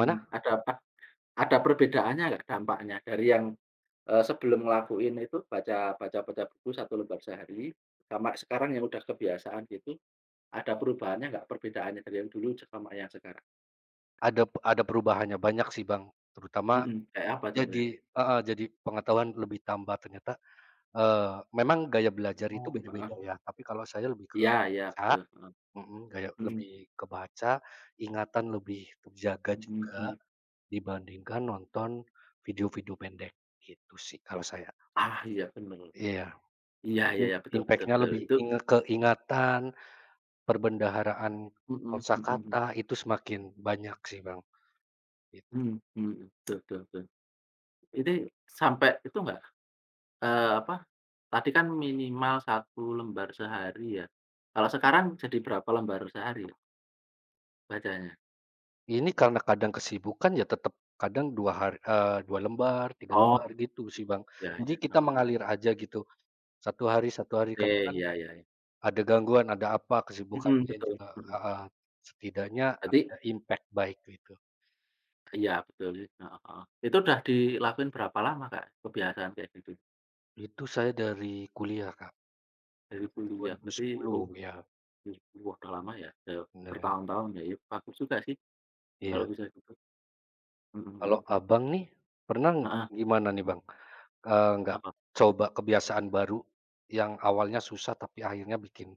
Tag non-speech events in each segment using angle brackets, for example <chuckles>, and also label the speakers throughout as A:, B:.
A: Mmm, ada apa, ada perbedaannya nggak dampaknya dari yang, eee, sebelum ngelakuin itu baca baca baca buku 1 lembar sehari, sama sekarang yang udah kebiasaan gitu. Ada perubahannya nggak perbedaannya dari yang dulu sama yang sekarang?
B: Adap ada perubahannya, banyak sih, Bang. Terutama
A: Mmm, kayak apa contohnya?
B: jadi heeh, jadi pengetahuan lebih tambah ternyata, eee, memang gaya belajar itu
A: Oh, heeh.
B: beda-beda ya, tapi kalau saya lebih ke
A: Iya iya
B: baca
A: betul, heeh.
B: mhm, gaya
A: Mmm.
B: lebih ke baca, ingatan lebih terjaga
A: Mmm
B: juga
A: mmm.
B: dibandingkan nonton video-video pendek, gitu sih kalau saya.
A: Ah, iya, bener.
B: Iya.
A: Iya,
B: U
A: ya ya, betul betul
B: impaknya
A: betul.
B: lebih
A: Itu
B: inge ke ingatan, perbendaharaan
A: Mmm, mhm mhm.
B: kosakata itu semakin banyak sih, Bang, gitu.
A: Mmm, mhm, tul tul tul. Ini sampe itu nggak, eee, apa, tadi kan minimal 1 lembar sehari ya, kalau sekarang jadi berapa lembar sehari ya bacanya?
B: Ini karena kadang kesibukan ya tetap kadang 2 hari eee, 2 lembar, 3
A: Oh.
B: lembar gitu sih, Bang.
A: Ya ya,
B: Jadi kita
A: heeh.
B: mengalir aja gitu 1 hari 1 hari,
A: Oke,
B: karena kan
A: ya ya ya.
B: ada gangguan, ada apa,
A: Mhm,
B: kesibukannya
A: betul.
B: juga
A: Mhm
B: heeh,
A: mhm.
B: setidaknya
A: Tapi
B: ada impak baik gitu.
A: Iya betul sih, heeh heeh. Itu udah dilakuin berapa lama, Kak, kebiasaan kaya gitu?
B: Itu saya dari kuliah, Kak.
A: Dari
B: Dari dua
A: kuliah
B: ribu
A: berarti u
B: sepuluh ya.
A: 2010, wah, udah lama ya udah
B: Dalam
A: bertahun-tahun ya. Iya bagus juga sih kalau
B: Iya.
A: bisa gitu. Mhm mhm.
B: Kalau Abang nih, pernah
A: Heeh.
B: gimana nih, Bang? Eee, nggak
A: Apa?
B: coba kebiasaan baru yang awalnya susah tapi akhirnya bikin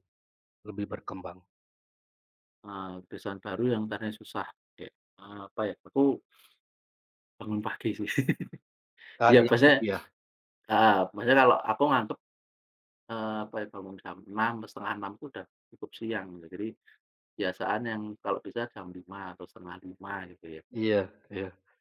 B: lebih berkembang?
A: Eee, kebiasaan baru yang tadinya susah, de eee, apa ya, aku <sniffs> Bangun pagi sih. <chuckles> Ya
B: Sekali aktif,
A: maksudnya <sniffs>
B: iya.
A: heeh, maksudnya kalo aku ngantuk, eee, apa ya, bangun jam 6.00 atau 5.30 udah cukup siang gitu. Jadi kebiasaan yang kalau bisa jam 5.00 atau 4.30 gitu ya.
B: Iya iya.